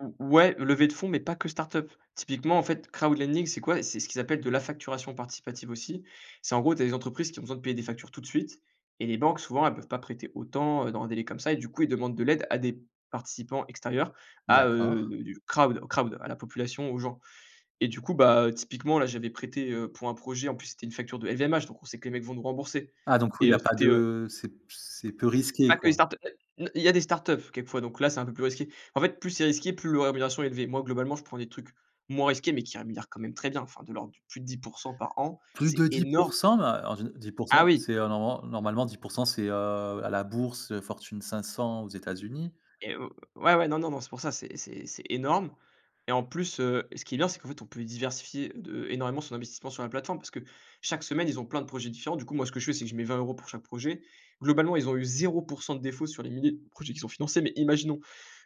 Mmh mh, ouais levée de fonds, mais pas que start-up. Typiquement en fait Crowd Lending, c'est quoi, c'est ce qu'ils appellent de la facturation participative, aussi. C'est en gros des entreprises qui ont besoin de payer des factures tout de suite et les banques souvent elles peuvent pas prêter autant, heu, dans un délai comme ça et du coup ils demandent de l'aide à des participants extérieurs, à, heu D'accord. heu, du Crowd Crowd à la population, aux gens et du coup, bah typiquement là j'avais prêté, heu, pour un projet, en plus c'était une facture de LVMH, donc on sait que les mecs vont nous rembourser Ah donc oui, et il y heu, a pas c'était, heu de c'est p c'est peu risqué, Pas que des quoi. start-up, il y a des startups quelquefois donc là c'est un peu plus risqué. En fait plus c'est risqué, plus la rémunération est élevée. Moi globalement je prends des trucs moins risqués, mais qui rémunère quand même très bien, enfin de l'ordre de plus de 10 % par an, Plus c'est de dix énorme. pour cent? Heu, en géné dix pour Ah cent oui. c'est normalement normalement 10 % c'est, heu, à la bourse, heu, fortune 500 aux États-Unis. Et heu, ouais, ouais, non, non, non, c'est pour ça, c'est c'est c'est énorme et en plus, heu, ce qui est bien, c'est qu'en fait on peut diversifier de énormément son investissement sur la plateforme parce que chaque semaine, ils ont plein de projets différents. Du coup, moi ce que je fais, c'est que je mets 20 € pour chaque projet. Globalement ils ont eu 0 % de défauts sur les milliers de projets qui sont financés, mais imaginons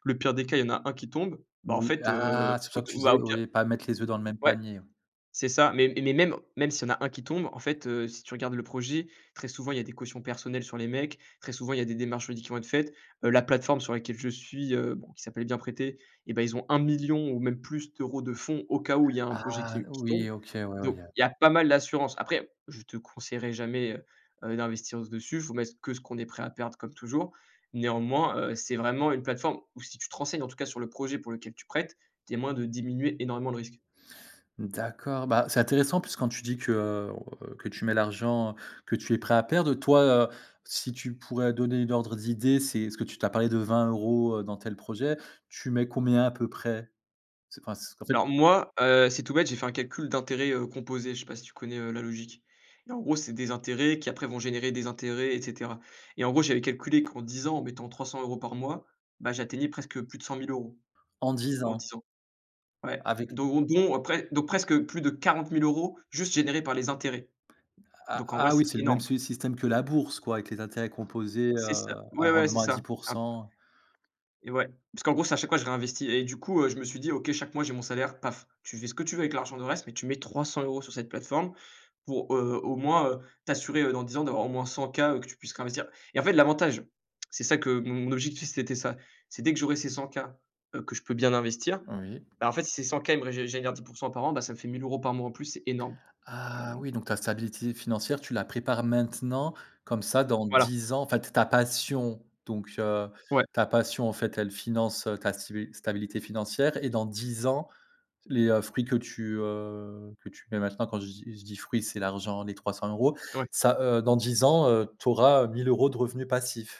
le pire des cas il y en a 1 qui tombe, bah en Oui fait, heu, ah c'est pour ça que tu auto bah disais, au pire oui, pas mettre les œufs dans le même ouais. panier. C'est ça, mais mais même, même s'il y en a 1 qui tombe en fait, heu, si tu regardes le projet, très souvent il y a des cautions personnelles sur les mecs, très souvent, il y a des démarches qui vont être faites. Heu, la plateforme sur laquelle je suis, heu, bon qui s'appelle «Bienprêter», eh ben ils ont 1 000 000 ou même plus d'euros de fonds au cas où il y a un projet Ah! qui qui tombe. Oui OK. Ouais, ouais, il Donc, y a il y a pas mal d'assurance. Après, je te conseillerais jamais, heu heu, d'investir dessus. Il faut mettre que ce qu'on est prêt à perdre, comme toujours. Néanmoins, heu, c'est vraiment une plateforme où si tu te renseignes en tout cas sur le projet pour lequel tu prêtes, il y a moyen de diminuer énormément le risque. D'accord. Bah c'est intéressant puisque quand tu dis que que tu mets l'argent, que tu es prêt à perdre, toi, heu, si tu pourrais donner une ordre d'idée, c'est parce que tu tu as parlé de 20 €, dans tel projet, tu mets combien à peu près? C'est parce qu'en fait Alors moi, heu, c'est tout bête, j'ai fait un calcul d'intérêt, heu, composé, je sais pas si tu connais, heu, la logique et en gros c'est des intérêts qui après vont générer des intérêts et cetera et en gros j'avais calculé qu'en 10 ans en mettant 300 € par mois, bah j'atteignais presque, heu, plus de 100 000 €. En 10 En ans. 10 ans, ouais, Avec l d'euros. Donc presque plus de 40 000 € juste générés par les intérêts. Ah Donc en vrai ah oui, c'est c'est le énorme. même système que la bourse, quoi, avec les intérêts composés, heu, C'est ça, à ouais, ouais c'est rendement à ça. dix pour Simple cent. et ouais, puisqu'en gros c'est chaque fois je réinvestis et du coup, heu, je me suis dit: «OK chaque mois j'ai mon salaire paf, tu fais ce que tu veux avec l'argent, le reste, mais tu mets 300 € sur cette plateforme». Pour, heu, au moins, heu, t'assurer, heu, dans 10 ans d'avoir au moins 100 K que tu puisses réinvestir et en fait l'avantage, c'est ça que mon objectif c'était ça, c'est dès que j'aurai ces 100 K, heu, que je peux bien investir, Oui. en fait si ces 100 K ils me régénèrent 10 % par an, bah ça me fait 1 000 € par mois en plus, c'est énorme. Tu vois Ah! donc Oui donc ta stabilité financière tu la prépares maintenant comme ça dans Voilà. 10 ans enfin, t ta passion, donc heu, Ouais. ta passion en fait, elle finance, heu, ta stibi ta stabilité financière et dans 10 ans, les, heu, fruits que tu, heu, que tu mets maintenant quand je dis je dis fruits, c'est l'argent, les 300€, Ouais. ça, heu, dans 10 ans, heu, tu auras, heu, 1 000 € de revenus passifs.